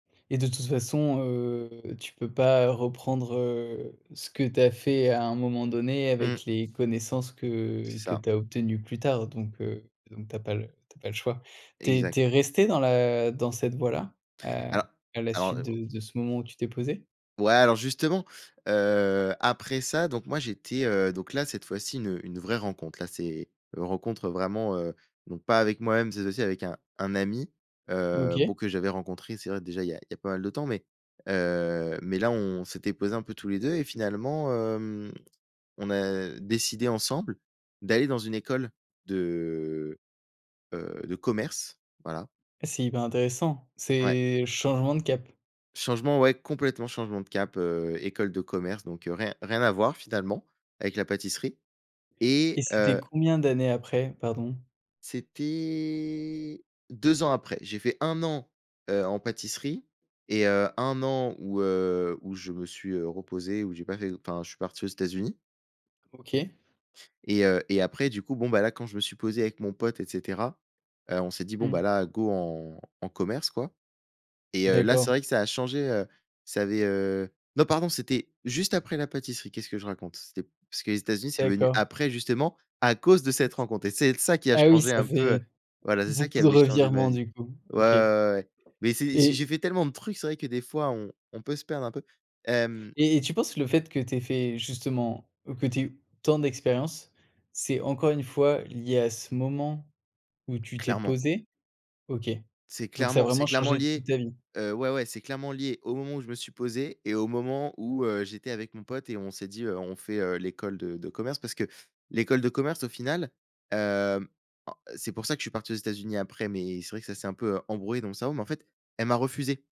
Et de toute façon, heu, tu peux pas, heu, reprendre, heu, ce que tu as fait à un moment donné Mmh. avec les connaissances que C'est que ça. tu as obtenues plus tard. Donc, heu, donc tu as pas le tu as pas le choix. Tu es Exact. tu es resté dans la dans cette voie-là? Heu, Alors à la alors suite et au de de ce moment où tu t'es posé? Ouais, alors justement, heu, après ça, donc moi j'étais, heu donc là, cette fois-ci une une vraie rencontre. Là c'est, heu, rencontre vraiment, heu donc pas avec moi-même, cette fois-ci avec un un ami. Heu, bon, OK. que j'avais rencontré, c'est vrai déjà il y a il y a pas mal de temps, mais, heu, mais là on s'était posés un peu tous les 2 et finalement, hem, on a décidé ensemble d'aller dans une école de, heu, de commerce. Voilà. C'est hyper intéressant. Ouais. C'est changement de cap? Changement, ouais, complètement changement de cap. Heu, école de commerce, donc rien rien à voir, finalement, avec la pâtisserie. Et Et, c'était heu combien d'années après? Pardon. C'était 2 ans après. J'ai fait 1 an, heu, en pâtisserie et, heu, 1 an où, heu, où je me suis, heu, reposé, où j'ai pas fait enfin, je suis parti aux États-Unis. OK. Et, heu, et après du coup, bon, ben, là, quand je me suis posé avec mon pote, et cetera. Heu, on s'est dit: «Bon, ben, Mmh. là, go en en commerce quoi». Et, heu, là, c'est D'accord. vrai que ça a changé, heu ça avait, heu non pardon, c'était juste après la pâtisserie. Qu'est-ce que je raconte? C'était parce que les Etats-Unis, c'est venu D'accord. après, justement, à cause de Et cette ce rencontre. Et c'est l ça qui a ah oui changé ça un peu fait voilà, c'est ça qui beaucoup de avait changé ma revirements, vie. du coup. Ouais, ouais, OK. ouais, ouais, mais c'est j'ai j'ai Et fait tellement de trucs. C'est vrai que des fois, on on peut se perdre un peu. Hem et et tu penses le fait que tu aies fait, justement que tu aies eu tant d'expériences, c'est, encore une fois, lié à ce moment où tu t'es Clairement. posé? OK. C'est Donc ça a clairement c'est vraiment clairement changé toute lié. ta vie? Heu, ouais, ouais, c'est clairement lié au moment où je me suis posé et au moment où, heu, j'étais avec mon pote et on s'est dit, heu: «On fait heu, l'école de de commerce». Parce que l'école de commerce, au final, hem, en c'est pour ça que je suis parti aux États-Unis après, mais c'est vrai que ça s'est un peu, heu, embrouillé dans mon cerveau, mais en fait, elle m'a refusé.